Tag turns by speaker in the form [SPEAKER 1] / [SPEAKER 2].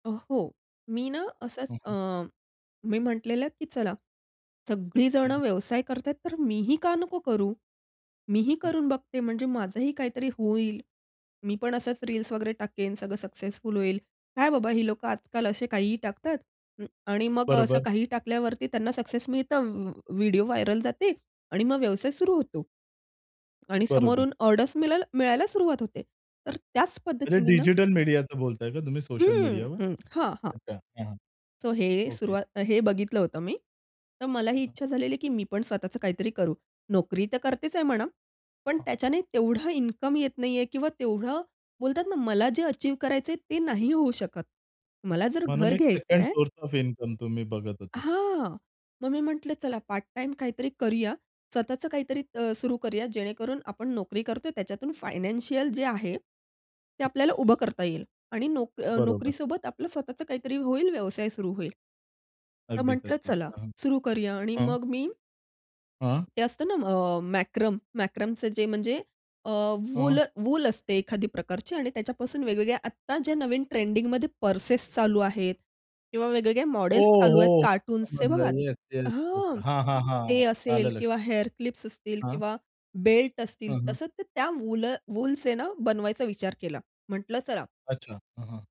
[SPEAKER 1] अ, हो. मी ना असंच
[SPEAKER 2] हं,
[SPEAKER 1] अ,
[SPEAKER 2] हं.
[SPEAKER 1] मी म्हटलेलं, की "चला सगळीजण
[SPEAKER 2] हं, हं.
[SPEAKER 1] व्यवसाय करत आहेत, तर मी ही का नको करू? मी ही
[SPEAKER 2] हं.
[SPEAKER 1] करून बघते. म्हणजे माझंही काहीतरी होईल. मी पण असंच रील्स वगैरे टाकेन. सगळं सक्सेसफुल होईल. काय बाबा ही लोकं आजकाल असे काहीही टाकतात अ, आणि मग असं
[SPEAKER 2] बरोबर.
[SPEAKER 1] काहीही टाकल्यावरती त्यांना सक्सेस मिळतं. व व्हिडिओ व्हायरल जाते आणि मग व्यवसाय सुरू होतो आणि
[SPEAKER 2] बरोबर.
[SPEAKER 1] समोरून ऑर्डर्स मिळाय मिळायला सुरुवात होते." तर त्याच
[SPEAKER 2] म्हणजे
[SPEAKER 1] पद्धतीने ना
[SPEAKER 2] डिजिटल मीडियाचं बोलताय का तुम्ही सोशल
[SPEAKER 1] हं,
[SPEAKER 2] मीडियावर?
[SPEAKER 1] हं, हां, हां.
[SPEAKER 2] अच्छा. हां, हां.
[SPEAKER 1] सो हे
[SPEAKER 2] ओके.
[SPEAKER 1] सुरुवात अ, हे बघितलं होतं मी. तर
[SPEAKER 2] हं,
[SPEAKER 1] मलाही
[SPEAKER 2] हं.
[SPEAKER 1] इच्छा झालेली आहे की मी पण स्वतःचं काहीतरी करू. नोकरी तर करतेच आहे म्हणा. पण
[SPEAKER 2] हां, हां.
[SPEAKER 1] त्याच्याने तेवढा इन्कम येत नाहीये किंवा तेवढं बोलतात ना मला जे अचीव्ह करायचंय ते नाही होऊ शकत. मला जर
[SPEAKER 2] म्हणून
[SPEAKER 1] घर
[SPEAKER 2] एक सेकंड
[SPEAKER 1] घ्यायचंय
[SPEAKER 2] सोर्स ऑफ इन्कम तुम्ही बघत होतात?
[SPEAKER 1] हां. मग मी म्हटलं चला पार्ट टाईम काहीतरी करूया. स्वतःचं काहीतरी अ, सुरु करूया जेणेकरून आपण नोकरी करतोय त्याच्यातून फायनान्शियल जे आहे, ते आपल्याला उभं करता येईल आणि नोक
[SPEAKER 2] बरोबर.
[SPEAKER 1] नोकरीसोबत आपलं स्वतःचं काहीतरी होईल, व्यवसाय सुरू होईल. तर
[SPEAKER 2] अगदीच,
[SPEAKER 1] म्हटलं,
[SPEAKER 2] अगदीच.
[SPEAKER 1] चला
[SPEAKER 2] हं,
[SPEAKER 1] सुरु करूया आणि
[SPEAKER 2] हं, हं.
[SPEAKER 1] मग मी
[SPEAKER 2] हं.
[SPEAKER 1] ते असतं ना अ, मॅक्रम, मॅक्रमचे जे म्हणजे अ, वूल
[SPEAKER 2] हं.
[SPEAKER 1] वूल असते एखादी प्रकारची आणि त्याच्यापासून वेगवेगळ्या आत्ता ज्या नवीन ट्रेंडिंगमध्ये पर्सेस चालू आहेत किंवा वेगवेगळ्या
[SPEAKER 2] हो,
[SPEAKER 1] मॉडेल्स चालू आहेत
[SPEAKER 2] हो.
[SPEAKER 1] कार्टून्सचे
[SPEAKER 2] समजलं.
[SPEAKER 1] बघा.
[SPEAKER 2] Yes, yes, yes.
[SPEAKER 1] हां,
[SPEAKER 2] हां, हां,
[SPEAKER 1] ते
[SPEAKER 2] हां. आलं
[SPEAKER 1] असेल
[SPEAKER 2] लक्षात.
[SPEAKER 1] किंवा हेअर क्लिप्स असतील
[SPEAKER 2] हां.
[SPEAKER 1] किंवा बेल्ट असतील.
[SPEAKER 2] हां, हां.
[SPEAKER 1] तसंच ते त्या वूल वूलचेना बनवायचा विचार केला. म्हटलं "चला."
[SPEAKER 2] अच्छा. हां, हां.